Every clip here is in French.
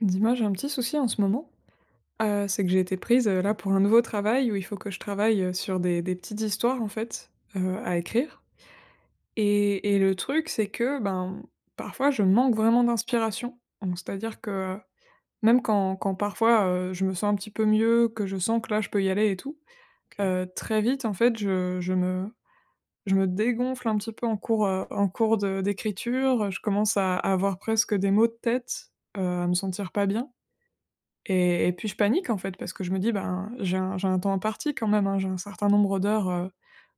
Dis-moi, j'ai un petit souci en ce moment, heu, c'est que j'ai été prise, heu, là, Mmh. pour un nouveau travail, où il faut que je travaille, heu, sur des des petites histoires, en fait, heu, à écrire. Et et le truc, c'est que, ben, mmh, parfois, je manque vraiment d'inspiration. Mmh, c'est-à-dire que, même quand quand parfois, heu, je me sens un petit peu mieux, que je sens que, là, je peux y aller et tout, OK. heu, très vite, en fait, je je me je me dégonfle un petit peu en cours, heu, en cours de d'écriture, heu, je commence à avoir presque des maux de tête, heu, à me sentir pas bien. Et et puis je panique, en fait, parce que je me dis: «Ben, j'ai un j'ai un temps imparti, quand même, hein, j'ai un certain nombre d'heures, heu,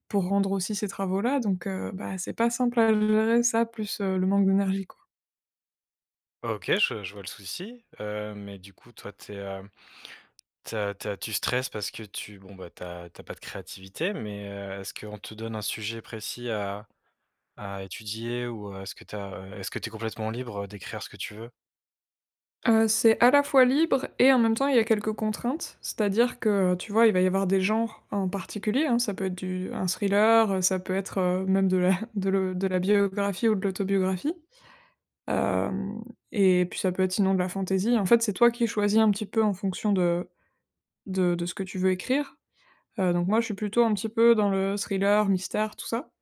pour rendre aussi ces travaux-là». Donc, heu, bah c'est pas simple à le gérer, ça, plus, heu, le manque d'énergie, quoi. OK, je je vois le souci. Heu, mais, du coup, toi, tu es, hem, tu as tu as tu stresses parce que tu, bon, bah, tu as tu as pas de créativité, mais, heu, est-ce qu'on te donne un sujet précis à à étudier ou, heu, est-ce que tu as, heu, est-ce que tu es complètement libre, heu, d'écrire ce que tu veux? Heu, c'est à la fois libre et, en même temps, il y a quelques contraintes, c'est-à-dire que, heu, tu vois, il va y avoir des genres en particulier, hein, ça peut être du un thriller, heu, ça peut être, heu, même de la de le de la biographie ou de l'autobiographie. Hem et puis ça peut être sinon de la fantaisie. En fait, c'est toi qui choisis un petit peu en fonction de de de ce que tu veux écrire. Heu, donc moi, je suis plutôt un petit peu dans le thriller, mystère, tout ça.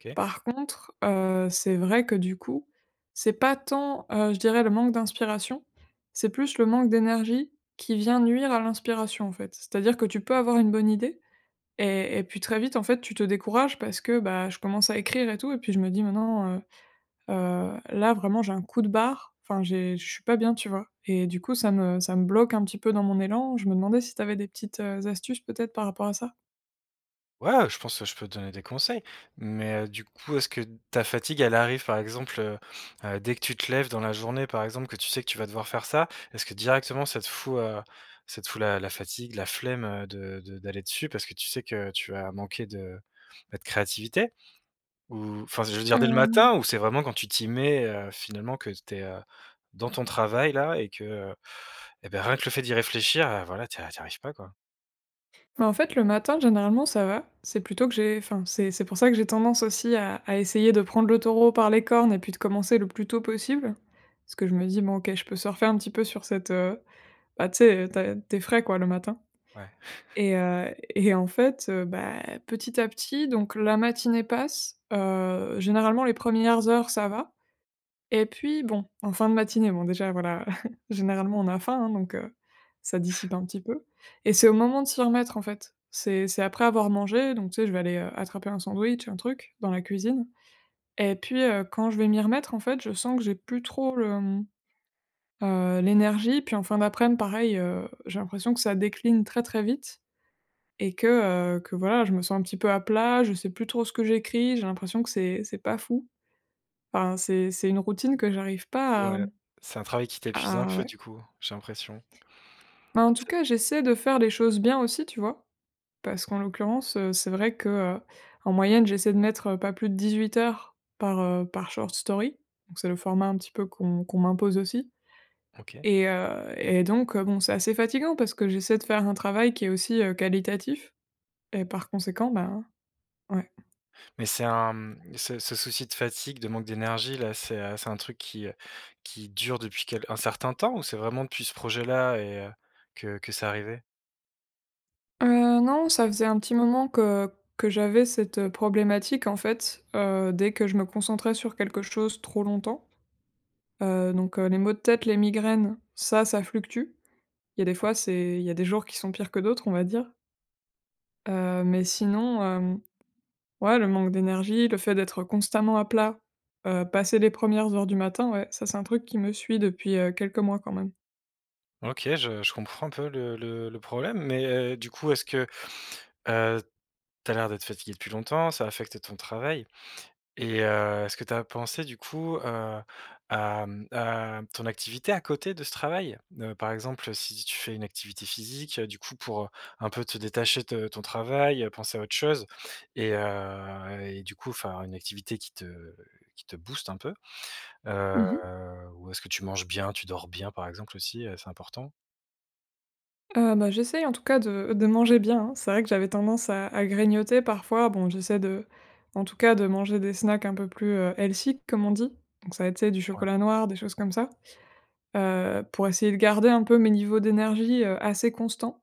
OK. Par contre, heu, c'est vrai que du coup, c'est pas tant, heu, je dirais, le manque d'inspiration, c'est plus le manque d'énergie qui vient nuire à l'inspiration, en fait. C'est-à-dire que tu peux avoir une bonne idée et et puis très vite, en fait, tu te décourages parce que, bah, je commence à écrire et tout, et puis je me dis: «Mais non, heu heu, là, vraiment, j'ai un coup de barre», enfin, j'ai je suis pas bien, tu vois? Et du coup, ça me ça me bloque un petit peu dans mon élan. Je me demandais si tu avais des petites, heu, astuces, peut-être, par rapport à ça? Ouais, heu, je pense, heu, je peux te donner des conseils! Mais, heu, du coup, est-ce que ta fatigue elle arrive, par exemple, heu heu, dès que tu te lèves dans la journée, par exemple, que tu sais que tu vas devoir faire ça, est-ce que directement ça te fout, heu, ça te fout la la fatigue, la flemme, heu, de de d'aller dessus parce que tu sais que tu vas manquer de, bah, de créativité ou, enfin, je veux dire, dès le Hem matin? Ou c'est vraiment quand tu t'y mets, heu, finalement que tu es, heu, dans ton travail, là, et que, heu, eh ben, rien que le fait d'y réfléchir, heu, voilà, tu y a tu y arrives pas, quoi? Ben, en fait, le matin, généralement, ça va. C'est plutôt que j'ai enfin, c'est c'est pour ça que j'ai tendance aussi à à essayer de prendre le taureau par les cornes et puis de commencer le plus tôt possible parce que je me dis: «Bon, OK, je peux surfer un petit peu sur cette», heu, bah, tu sais, heu, tu as tu es frais, quoi, le matin Ouais. et heu et en fait, heu, bah, petit à petit donc la matinée passe. Heu, généralement, les 1res heures, ça va et puis, bon, en fin de matinée, bon, déjà, voilà, généralement, on a faim, hein, donc heu, ça dissipe un petit peu et c'est au moment de s'y remettre, en fait. C'est c'est après avoir mangé. Donc tu sais, je vais aller, heu, attraper un sandwich, un truc dans la cuisine et puis, heu, quand je vais m'y remettre, en fait, je sens que j'ai plus trop le, mmh, heu, l'énergie. Puis en fin d'aprèm, pareil, heu, j'ai l'impression que ça décline très, très vite et que, heu, que voilà, je me sens un petit peu à plat. Je sais plus trop ce que j'écris. J'ai l'impression que c'est c'est pas fou. Enfin, c'est c'est une routine que j'arrive pas à, Ouais, mmh, c'est un travail qui t'épuise un à peu, ouais. du coup, j'ai l'impression. Ben, en tout C cas, j'essaie de faire les choses bien aussi, tu vois? Parce qu'en l'occurrence, heu, c'est vrai que, heu, en moyenne, j'essaie de mettre, heu, pas plus de 18 heures par, heu, par short story. Donc c'est le format un petit peu qu'on qu'on m'impose aussi OK. et heu et donc heu, bon, c'est assez fatigant parce que j'essaie de faire un travail qui est aussi, heu, qualitatif et par conséquent, ben, ouais. Mais c'est un, mmh, ce ce souci de fatigue, de manque d'énergie, là, c'est, heu, c'est un truc qui, heu, qui dure depuis quel un certain temps ou c'est vraiment depuis ce projet-là et heu, que que c'est arrivé? Heu, non, ça faisait un petit moment que que j'avais cette, heu, problématique, en fait. Heu, dès que je me concentrais sur quelque chose trop longtemps. Heu, donc, heu, les maux de tête, les migraines, ça, ça fluctue. Il y a des fois, OK. c'est il y a des jours qui sont pires que d'autres, on va dire. Heu, mais sinon, hem, ouais, le manque d'énergie, le fait d'être constamment à plat, heu, passer les 1res heures du matin, ouais, ça, c'est un truc qui me suit depuis, heu, quelques mois quand même. OK, je je comprends un peu le le le problème. Mais heu, du coup, est-ce que, heu tu as l'air d'être fatiguée depuis longtemps, ça affecte ton travail? Et heu, est-ce que tu as pensé, du coup, heu, à, mmh, à ton activité à côté de ce travail? Heu, par exemple, si tu fais une activité physique, du coup, pour, heu, un peu te détacher de ton travail, heu, penser à autre chose et heu, et du coup, faire une activité qui te qui te booste un peu? Heu, Mmh mh. ou est-ce que tu manges bien? Tu dors bien? Par exemple aussi, heu, c'est important. Heu bah, j'essaie, en tout cas, de de manger bien, hein. C'est vrai que j'avais tendance à à grignoter, parfois. Bon, j'essaie de en tout cas, de manger des snacks un peu plus, heu, healthy, comme on dit. Donc, ça va être, tu sais, du Ouais. chocolat noir, des choses comme ça. Heu, pour essayer de garder un peu mes niveaux d'énergie, heu, assez constants.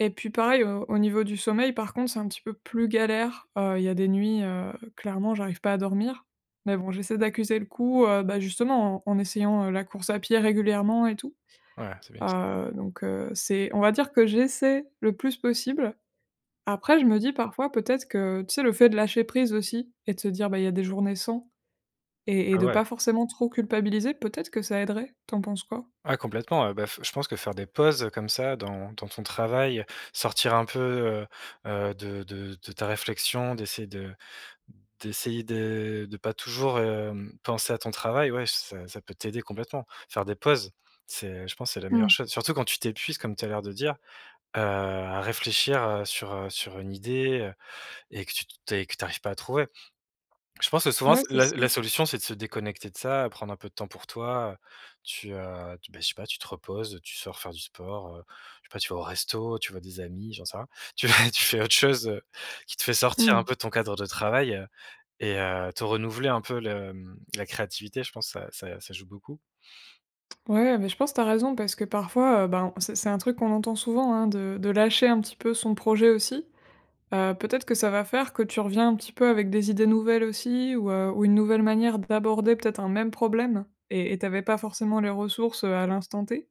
Et puis, pareil, au au niveau du sommeil, par contre, c'est un petit peu plus galère. Heu, il y a des nuits, heu, clairement, j'arrive pas à dormir. Mais bon, j'essaie d'accuser le coup, heu bah, justement en en essayant, heu, la course à pied régulièrement et tout. Ouais, c'est bien ç Heu, donc heu, c'est on va dire que j'essaie le plus possible. Après, je me dis parfois, peut-être que, tu sais le fait de lâcher prise aussi et de se dire: «Bah, il y a des journées sans», et et Ah de ouais. pas forcément trop culpabiliser. Peut-être que ça aiderait. Tu en penses quoi? Ah, complètement. Heu bah, f je pense que faire des pauses, heu, comme ça dans dans ton travail, sortir un peu, heu heu, de de de ta réflexion, d'essayer de d'essayer de de pas toujours, hem, penser à ton travail, ouais, ç ça ça peut t'aider complètement. Faire des pauses, c'est, je pense, c'est la meilleure Mmh. chose, surtout quand tu t'épuises, comme tu as l'air de dire, heu, à réfléchir, heu, sur heu, sur une idée, heu, et que tu t tu es, et que tu arrives pas à trouver. Je pense que, souvent, Ouais, s c'est la ça. la solution, c'est de se déconnecter de ça, prendre un peu de temps pour toi. Heu, tu, heu, tu bah, je sais pas, tu te reposes, tu sors faire du sport heu, je sais pas, tu vas au resto, tu vois des amis, j'en sais rien. Tu vas tu fais autre chose, heu, qui te fait sortir un Mmh. peu de ton cadre de travail, heu, et heu, te renouveler un peu le, mmh la créativité. Je pense ça ça ça joue beaucoup. Ouais, beh, je pense tu as raison parce que, parfois, heu ben, c'est c'est un truc qu'on entend souvent, hein, de de lâcher un petit peu son projet aussi. Heu, peut-être que ça va faire que tu reviens un petit peu avec des idées nouvelles aussi ou, heu, ou une nouvelle manière d'aborder peut-être un même problème. Et et tu avais pas forcément les ressources, heu, à l'instant T.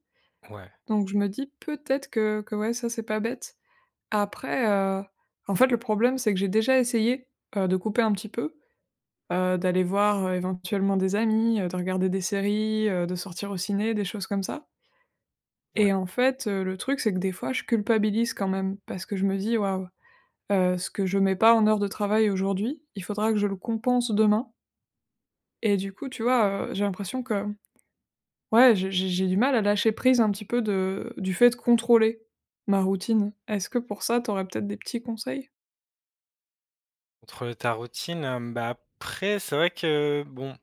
Ouais. Donc, je me dis peut-être que que, ouais, ça, c'est pas bête. Après heu, en fait, le problème, c'est que j'ai déjà essayé, heu, de couper un petit peu, heu, d'aller voir, heu, éventuellement des amis, heu, de regarder des séries, heu, de sortir au ciné, des choses comme ça. Ouais. Et en fait, heu, le truc, c'est que, des fois, je culpabilise quand même. Parce que je me dis: «Waouh, heu, ce que je mets pas en heures de travail aujourd'hui, il faudra que je le compense demain». Et du coup, tu vois? Heu, j'ai l'impression que, ouais, je j'ai j'ai du mal à lâcher prise, un petit peu, de du fait contrôler, ma routine. Est-ce que, pour ça, tu aurais, peut-être, des petits conseils? Contrôler ta routine, hem, bah, après, c'est vrai que bon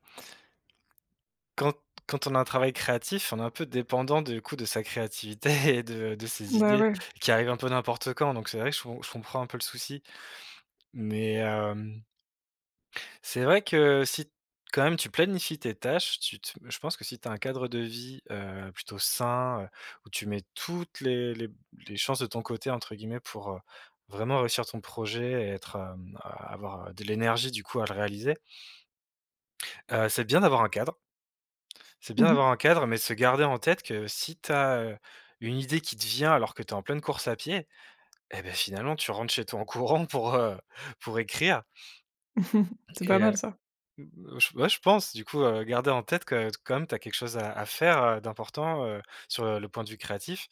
quand quand on a un travail créatif, on est un peu dépendant, du coup, de sa créativité et de de ses Bah, idées, ouais. qui arrivent un peu n'importe quand, donc c'est vrai que je com je comprends un peu le souci, mais hem c'est vrai que, si, quand même, tu planifies tes tâches, tu te je pense que si tu as un cadre de vie, heu, plutôt sain, heu, où «tu mets toutes les les les chances de ton côté», entre guillemets, pour, heu, vraiment réussir ton projet et être, hem, avoir, heu, de l'énergie, du coup, à le réaliser. Heu, c'est bien d'avoir un cadre c'est bien Mmh d'avoir mh. un cadre, mais se garder en tête que si tu as, heu, une idée qui te vient alors que tu es en pleine course à pied, et beh, finalement, tu rentres chez toi en courant pour, heu, pour écrire. C'est pas Et heu, mal, ça! mmh, j ouais, je pense, du coup, heu, garder en tête que t comme tu as quelque chose à à faire, heu, d'important, heu, sur, heu, le point de vue créatif,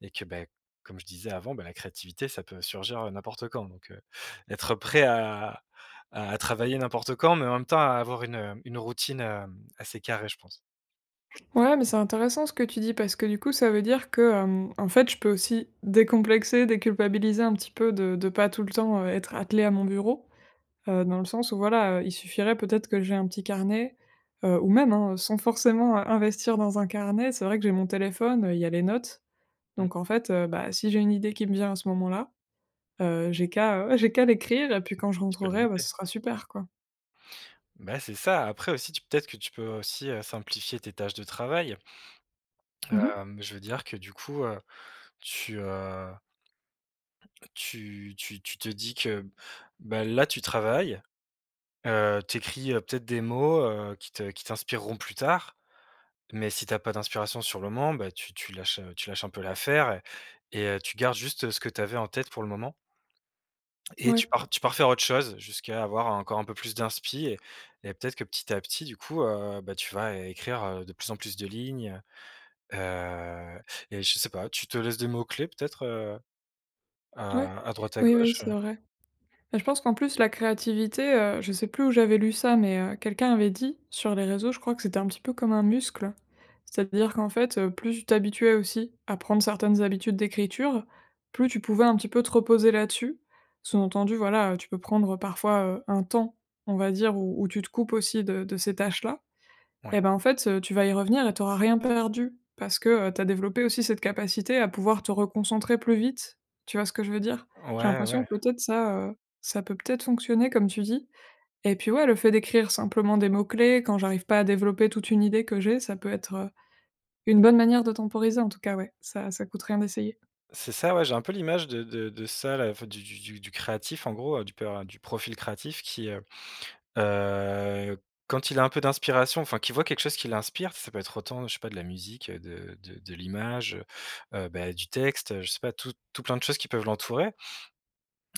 et que beh, comme je disais avant, bah, la créativité ça peut surgir, heu, n'importe quand, donc heu, être prêt à à travailler n'importe quand, mais en même temps, à avoir une, heu, une routine, hem, assez carrée, je pense. Ouais, mais c'est intéressant ce que tu dis parce que, du coup, ça veut dire que, hem, en fait, je peux aussi décomplexer, déculpabiliser un petit peu de de pas tout le temps, heu, être attelée à mon bureau, heu, dans le sens où voilà, heu, il suffirait peut-être que j'aie un petit carnet. Heu ou même, hein, sans forcément investir dans un carnet. C'est vrai que j'ai mon téléphone, heu, il y a les notes. Mmh. Donc en fait, heu, bah, si j'ai une idée qui me vient à ce moment-là, heu, j'ai qu'à, heu, j'ai qu'à l'écrire et puis quand je Tu peux le rentrerai, bah, noter. ce sera super, quoi. Bah, c'est ça. Après aussi, tu peut-être que tu peux, heu, aussi, heu, simplifier tes tâches de travail. Mmh mh. Hem, je veux dire que, du coup, heu, tu, heu heu, tu tu tu te dis que, bah, là, tu travailles, heu, tu écris, heu, peut-être des mots, heu, qui te qui t'inspireront plus tard. Mais si tu as pas d'inspiration sur le moment, bah, tu tu lâches, heu, tu lâches un peu l'affaire et et heu, tu gardes juste ce que tu avais en tête pour le moment. Et Ouais. tu pars tu pars faire autre chose jusqu'à avoir encore un peu plus d'inspiration et et peut-être que, petit à petit, du coup, heu, bah, tu vas é écrire, heu, de plus en plus de lignes, heu et je sais pas, tu te laisses des mots-clés peut-être, heu, Ouais. à à droite, à Oui, oui, gauche, c'est heu? vrai. Bah, je pense qu'en plus, la créativité, heu, je sais plus où j'avais lu ça mais heu, quelqu'un avait dit sur les réseaux, je crois, que c'était un petit peu comme un muscle. C'est-à-dire qu'en fait, heu, plus tu t'habituais aussi à prendre certaines habitudes d'écriture, plus tu pouvais, un petit peu, te reposer là-dessus, sous-entendu, voilà, heu, tu peux prendre parfois, heu, un temps, on va dire, où où tu te coupes aussi de de ces tâches-là. Ouais. Eh, ben, en fait, heu, tu vas y revenir et tu auras rien perdu parce que, heu, tu as développé aussi cette capacité à pouvoir te reconcentrer plus vite. Tu vois ce que je veux dire? J'ai Ouais, l'impression, ouais. peut-être, ça, heu, ça peut peut-être fonctionner, comme tu dis. Et puis, ouais, le fait d'écrire simplement des mots-clés quand j'arrive pas à développer toute une idée que j'ai, ça peut être, heu, une bonne manière de temporiser, en tout cas, ouais, ça ça coûte rien d'essayer. C'est ça, ouais. J'ai un peu l'image de de de ça, là, enfin, du du du du créatif, en gros, heu, du per du profil créatif qui, heu heu, quand il a un peu d'inspiration, enfin, qu'il voit quelque chose qui l'inspire, ça peut être autant, je sais pas, de la musique, de de de l'image, heu heu, bah, du texte. Heu, je sais pas, tout tout plein de choses qui peuvent l'entourer.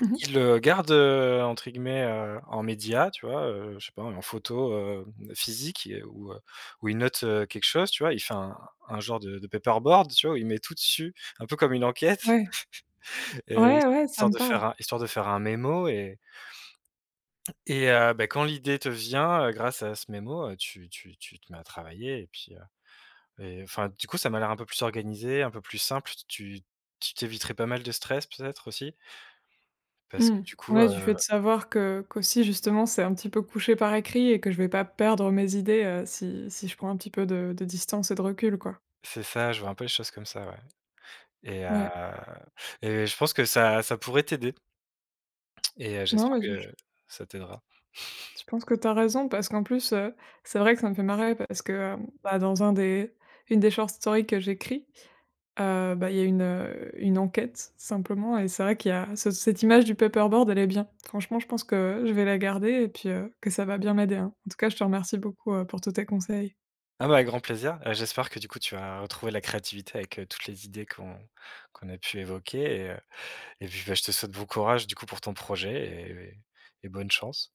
Mmh mh. Il le garde, heu, entre guillemets, heu, en média, tu vois, heu? Je sais pas, en photo, hem, physique et ou heu ou il note, heu, quelque chose, tu vois? Il fait un un genre de de paperboard, tu vois, où il met tout dessus, un peu comme une enquête Ouais. et heu, Ouais, ouais, ça histoire me de parle. faire un histoire de faire un mémo et et heu, bah, quand l'idée te vient, heu, grâce à ce mémo, heu, tu tu tu te mets à travailler et puis, heu, mais enfin, du coup, ça m'a l'air un peu plus organisé, un peu plus simple. Tu tu tu t'éviterais pas mal de stress, peut-être, aussi parce Mmh. que, du coup, Ouais, du fait heu de savoir que qu'aussi justement, c'est un petit peu couché par écrit et que je vais pas perdre mes idées, heu, si si je prends un petit peu de de distance et de recul, quoi. C'est ça, je vois un peu les choses comme ça, ouais et heu Ouais. et je pense que ça ça pourrait t'aider et heu Non j'espère mais du ch que ça t'aidera. Je pense que tu as raison parce qu'en plus, heu, c'est vrai que ça me fait marrer parce que, hem, bah, dans un des une des short story que j'écris, heu, bah, il y a une une enquête, simplement et c'est vrai qu'il y a ce cette image du paperboard, elle est bien. Franchement, je pense que je vais la garder et puis heu, que ça va bien m'aider, hein. En tout cas, je te remercie beaucoup, heu, pour tous tes conseils. Ah, bah, avec grand plaisir! Heu, j'espère que, du coup, tu vas, heu, retrouver la créativité avec, heu, toutes les idées qu'on qu'on a pu évoquer et heu et puis, bah, je te souhaite bon courage, du coup, pour ton projet et et et bonne chance.